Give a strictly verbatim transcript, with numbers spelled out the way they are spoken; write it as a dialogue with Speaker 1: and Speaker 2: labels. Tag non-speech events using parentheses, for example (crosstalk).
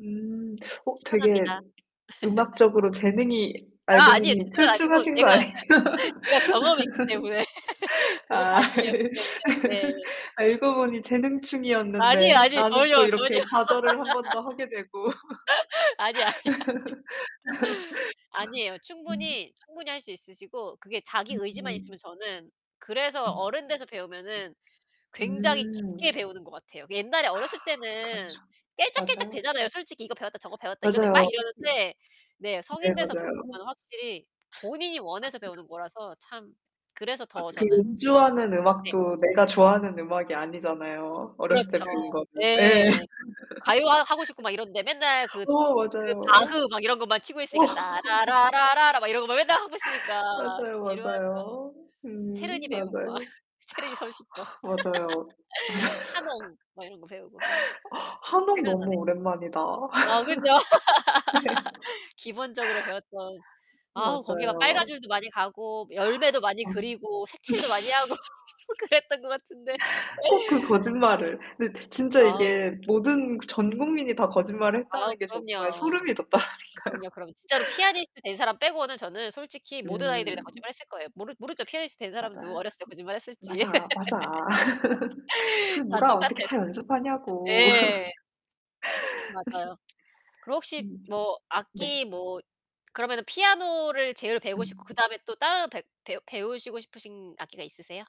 Speaker 1: 음. 어, 되게
Speaker 2: 추천합니다. (laughs)
Speaker 1: 음악적으로 재능이 알고
Speaker 2: 아, 아니에요.
Speaker 1: 보니
Speaker 2: 재능은 아니고
Speaker 1: 출중하신 거
Speaker 2: 제가,
Speaker 1: 아니에요?
Speaker 2: (laughs) 제가 경험이 있기 때문에 (laughs)
Speaker 1: (laughs)
Speaker 2: 저도
Speaker 1: 아.
Speaker 2: 과실이었기 때문에, 네.
Speaker 1: (laughs) 알고 보니
Speaker 2: 아니에요,
Speaker 1: 재능충이었는데
Speaker 2: 아니에요,
Speaker 1: 나는 또
Speaker 2: 전혀, 전혀.
Speaker 1: 이렇게 좌절을 한 번 더 하게 되고.
Speaker 2: (laughs) 아니, 아니, 아니. 아니에요.
Speaker 1: (laughs) 아, 음.
Speaker 2: 충분히, 충분히 할 수 있으시고 그게 자기 의지만
Speaker 1: 음음.
Speaker 2: 있으면 저는 그래서
Speaker 1: 음.
Speaker 2: 어른 돼서 배우면은 굉장히 깊게
Speaker 1: 음.
Speaker 2: 배우는 것 같아요. 옛날에
Speaker 1: 아,
Speaker 2: 어렸을
Speaker 1: 그렇죠.
Speaker 2: 때는
Speaker 1: 맞아요.
Speaker 2: 깨짝깨짝대잖아요. 솔직히 이거 배웠다 저거 배웠다, 이거 했다, 막
Speaker 1: 맞아요.
Speaker 2: 이러는데. 네,
Speaker 1: 네,
Speaker 2: 성인 돼서 배우는
Speaker 1: 맞아요.
Speaker 2: 거는 확실히 본인이
Speaker 1: 아,
Speaker 2: 원해서
Speaker 1: 그런
Speaker 2: 배우는 거라서 참 그래서
Speaker 1: 아,
Speaker 2: 더
Speaker 1: 그
Speaker 2: 저는
Speaker 1: 연주하는
Speaker 2: 네.
Speaker 1: 음악도 내가 좋아하는 음악이 아니잖아요, 어렸을 때
Speaker 2: 그렇죠.
Speaker 1: 배운 거는. 예예.
Speaker 2: 예. 가요 하 하고 싶고 막 이런데 맨날
Speaker 1: (laughs)
Speaker 2: 그
Speaker 1: 우와,
Speaker 2: 그
Speaker 1: 맞아요.
Speaker 2: 바흐 막 이런 것만 치고
Speaker 1: 우와.
Speaker 2: 있으니까 따 라 라
Speaker 1: (laughs)
Speaker 2: 라 라 라 막 이런 것만 맨날 하고 있으니까
Speaker 1: 맞아요,
Speaker 2: 지루하죠.
Speaker 1: 맞아요. 음,
Speaker 2: 체르니 배우고 막
Speaker 1: 맞아요.
Speaker 2: 체르니 삼십 번.
Speaker 1: 맞아요. 맞아요.
Speaker 2: (laughs) 하농 막 이런 거 배우고 막.
Speaker 1: (laughs) (inhales) 하농, 너무
Speaker 2: 생각나네.
Speaker 1: 오랜만이다.
Speaker 2: 어, 그죠.
Speaker 1: (laughs) 네. (laughs)
Speaker 2: (laughs) 기본적으로 배웠던 아, 거기 막 빨간
Speaker 1: 맞아요.
Speaker 2: 줄도 많이 가고 뭐 열매도 많이
Speaker 1: 맞아.
Speaker 2: 그리고 색칠도 많이 하고
Speaker 1: (laughs)
Speaker 2: 그랬던 것 같은데.
Speaker 1: 꼭 그 거짓말을. 네, 진짜
Speaker 2: 아우.
Speaker 1: 이게 모든 그 전 국민이 다 거짓말을
Speaker 2: 아우,
Speaker 1: 했다는 게 정말
Speaker 2: 그럼요.
Speaker 1: 소름이 돋더라니까요.
Speaker 2: 그럼요. 그러면 진짜로 피아니스트 된 사람 빼고는 저는 솔직히 모든 아이들이 다
Speaker 1: 음.
Speaker 2: 거짓말을 했을 거예요. 모르 모르죠? 피아니스트 된 사람도
Speaker 1: 맞아요.
Speaker 2: 어렸을 때 거짓말했을지.
Speaker 1: 맞아, 맞아. (laughs) 그
Speaker 2: (laughs) 다
Speaker 1: 누가 어떻게
Speaker 2: 똑같아요.
Speaker 1: 다 연습하냐고.
Speaker 2: 예.
Speaker 1: (laughs)
Speaker 2: 맞아요. 그럼 혹시
Speaker 1: 음
Speaker 2: 뭐
Speaker 1: 네.
Speaker 2: 악기 뭐 그러면은 피아노를 제일 배우고 싶고
Speaker 1: 음.
Speaker 2: 그다음에 또 다른 배 배우 배우시고 싶으신 악기가 있으세요?